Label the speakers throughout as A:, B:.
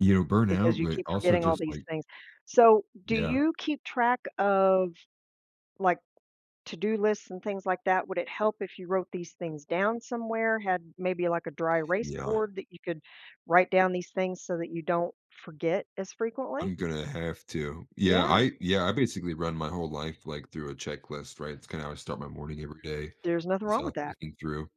A: You know,
B: Because
A: burnout,
B: you
A: but,
B: keep
A: also
B: forgetting all
A: just
B: these
A: like
B: things. So, do
A: Yeah.
B: you keep track of, like, to-do lists and things like that? Would it help if you wrote these things down somewhere, had maybe like a dry erase
A: Yeah.
B: board that you could write down these things so that you don't forget as frequently?
A: I'm gonna have to. Yeah,
B: Yeah.
A: I yeah, I basically run my whole life, like, through a checklist, right, it's kinda how I start my morning every day,
B: There's nothing
A: it's
B: wrong
A: all
B: with that.
A: thinking through,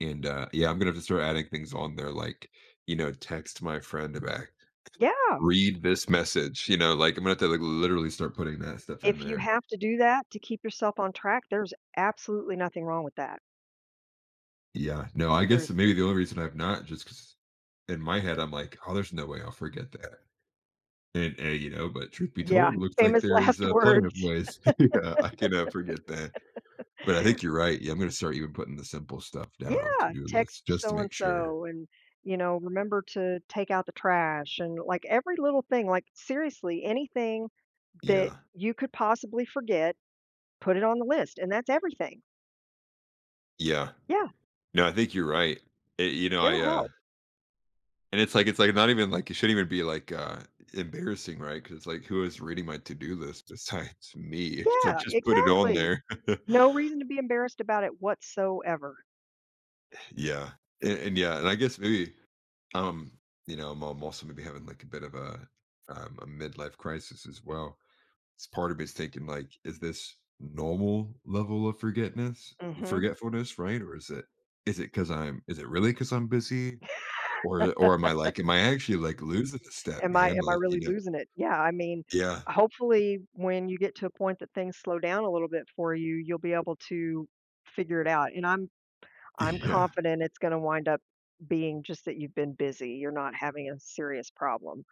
A: and, uh, yeah, I'm gonna have to start adding things on there, like, you know, text my friend back.
B: Yeah!
A: "Read this message," you know, like, I'm gonna have to, like, literally start putting that stuff in
B: If you
A: there.
B: have to do that, to keep yourself on track, there's absolutely nothing wrong with that.
A: Yeah, no, I guess maybe
B: Seriously.
A: the only reason I've not, just 'cause, in my head, I'm like, "Oh, there's no way I'll forget that," and and, you know, but, truth be
B: Yeah,
A: told, looks like
B: famous
A: there is,
B: last
A: uh, plenty of
B: words.
A: ways yeah, I can, uh, forget that. But I think you're right, yeah, I'm gonna start even putting the simple stuff down on
B: Yeah.
A: to-do lists
B: "Text
A: just to
B: so and
A: make sure.
B: so," and, you know, "remember to take out the trash," and, like, every little thing, like, seriously, anything that
A: Yeah.
B: you could possibly forget, put it on the list, and that's everything.
A: Yeah.
B: Yeah.
A: No, I think you're right. Eh you know, I,
B: It'll
A: uh
B: help.
A: And it's like it's like not even like, it shouldn't even be, like, uh, embarrassing, right, 'cause it's like, who is reading my to do list besides me? It's like,
B: Yeah,
A: just put it on
B: exactly!
A: there.
B: No reason to be embarrassed about it, whatsoever.
A: Yeah, and and yeah, and I guess maybe, um, you know, I'm I'm also gonna be having, like, a bit of a, um, a midlife crisis as well, s part of me is thinking, like, "Is this normal level of forgetness
B: Mhm.
A: forgetfulness, right, or is it is it 'cause I'm is it really 'cause I'm busy, or or am I, like am I actually, like, losing a step,
B: Am I
A: man?"
B: am I
A: Like, you
B: really
A: know?
B: losing it? Yeah, I mean,
A: Yeah.
B: hopefully when you get to a point that things slow down a little bit for you, you'll be able to figure it out, and I'm I'm
A: Yeah.
B: confident it's going to wind up being just that you've been busy; you're not having a serious problem.